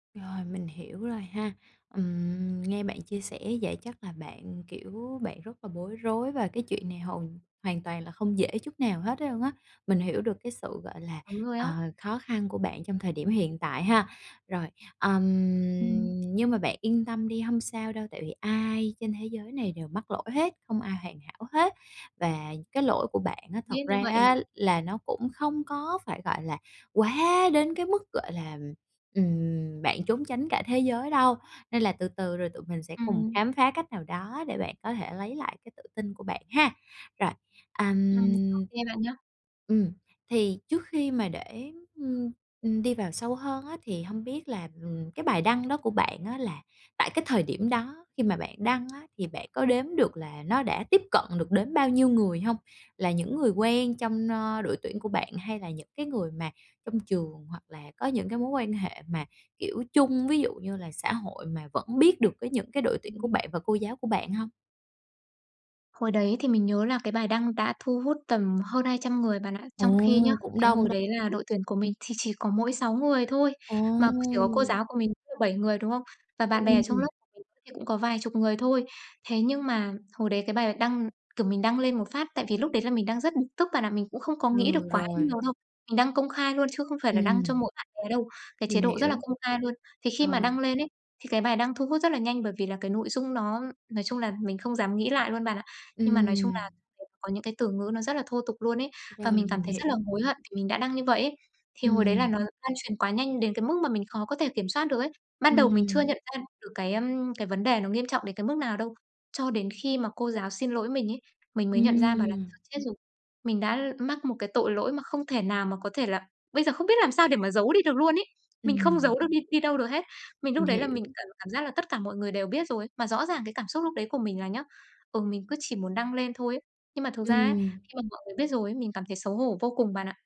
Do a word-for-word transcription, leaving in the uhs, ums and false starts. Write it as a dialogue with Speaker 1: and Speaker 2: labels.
Speaker 1: Rồi, mình hiểu rồi ha. Ừm, nghe bạn chia sẻ vậy chắc là bạn, kiểu, bạn rất là bối rối và cái chuyện này hầu hoàn toàn là không dễ chút nào hết luôn á. Mình hiểu được cái sự, gọi là,
Speaker 2: Đúng rồi
Speaker 1: ờ,
Speaker 2: á.
Speaker 1: khó khăn của bạn trong thời điểm hiện tại ha. Rồi, ừm,
Speaker 2: Ừm.
Speaker 1: nhưng mà bạn yên tâm đi hông sao đâu, tại vì ai trên thế giới cái này đều mắc lỗi hết, không ai hoàn hảo hết, và cái lỗi của bạn á
Speaker 2: Biết
Speaker 1: thật
Speaker 2: như
Speaker 1: ra
Speaker 2: vậy mà.
Speaker 1: á là nó cũng không có phải, gọi là, quá đến cái mức, gọi là, ừm, bạn trốn tránh cả thế giới đâu. Nên là từ từ rồi tụi mình sẽ cùng
Speaker 2: Ừm.
Speaker 1: khám phá cách nào đó để bạn có thể lấy lại cái tự tin của bạn ha! Rồi,
Speaker 2: Ừm, ô
Speaker 1: ầm.
Speaker 2: kê bạn nhá.
Speaker 1: Ừm, thì trước khi mà để, ưm, ừm, đi vào sâu hơn á thì hông biết là, ừm, cái bài đăng đó của bạn á là tại cái thời điểm đó khi mà bạn đăng á thì bạn có đếm được là nó đã tiếp cận được đến bao nhiêu người hông? Là những người quen trong, ơ, đội tuyển của bạn hay là những cái người mà trong trường? Hoặc là có những cái mối quan hệ mà, kiểu, chung, ví dụ như là xã hội mà vẫn biết được cái những cái đội tuyển của
Speaker 2: Ừm.
Speaker 1: bạn và cô giáo của bạn hông?
Speaker 2: Hồi đấy thì mình nhớ là cái bài đăng đã thu hút tầm hơn hai trăm người bạn ạ.
Speaker 1: Ồ,
Speaker 2: Trong khi nhá,
Speaker 1: cũng
Speaker 2: cái
Speaker 1: đông
Speaker 2: hồi đấy là
Speaker 1: đấy.
Speaker 2: đội tuyển của mình thì chỉ có mỗi sáu người thôi, mà, kiểu, cô
Speaker 1: Ồ.
Speaker 2: giáo của mình [unintelligible] bảy người, đúng hông? Và bạn bè ở trong
Speaker 1: Ừm.
Speaker 2: lớp [unintelligible] cũng có vài chục người thôi. Thế nhưng mà hồi đấy cái bài đăng kiểu, mình đăng lên một phát tại vì lúc đấy là mình đang rất bực tức bạn ạ, mình cũng không có nghĩ được
Speaker 1: Ừ,
Speaker 2: quá
Speaker 1: rồi.
Speaker 2: nhiều đâu. Mình đăng công khai luôn chứ không phải là đăng cho
Speaker 1: Ừm.
Speaker 2: mỗi bạn bè đâu, cái
Speaker 1: Mình
Speaker 2: chế độ rất
Speaker 1: hiểu.
Speaker 2: là công khai luôn. Thì khi mà
Speaker 1: Rồi.
Speaker 2: đăng lên ấy, thì cái bài đăng thu hút rất là nhanh bởi vì là cái nội dung nó nói chung là mình không dám nghĩ lại luôn bạn ạ. Nhưng mà nói chung
Speaker 1: Ừm.
Speaker 2: là cũng có những cái từ ngữ nó rất là thô tục luôn ấy. Và
Speaker 1: Rồi,
Speaker 2: mình cảm
Speaker 1: mình
Speaker 2: thấy rất là
Speaker 1: hiểu.
Speaker 2: hối hận vì mình đã đăng như vậy ấy. Thì hồi đấy là
Speaker 1: Ừm.
Speaker 2: nó lan truyền quá nhanh đến cái mức mà mình khó có thể kiểm soát được ấy. Ban đầu mình chưa
Speaker 1: Ừm.
Speaker 2: nhận ra được cái, ưm, cái vấn đề nó nghiêm trọng đến cái mức nào đâu. Cho đến khi mà cô giáo xin lỗi mình ấy, mình mới nhận ra bảo là
Speaker 1: Ừm.
Speaker 2: "Thôi chết rồi, mình đã mắc một cái tội lỗi mà không thể nào mà có thể là bây giờ không biết làm sao để mà giấu đi được luôn ấy." Mình không
Speaker 1: Ừm.
Speaker 2: giấu được đi đi đâu được hết. Mình
Speaker 1: Mình
Speaker 2: lúc đấy là
Speaker 1: hiểu.
Speaker 2: mình cảm cảm giác là tất cả mọi người đều biết rồi. Mà rõ ràng cái cảm xúc lúc đấy của mình là nhá, ừ, mình cứ chỉ muốn đăng lên thôi ấy. Nhưng mà thực ra á,
Speaker 1: Ừm.
Speaker 2: khi mà mọi người biết rồi ấy, mình cảm thấy xấu hổ vô cùng bạn ạ.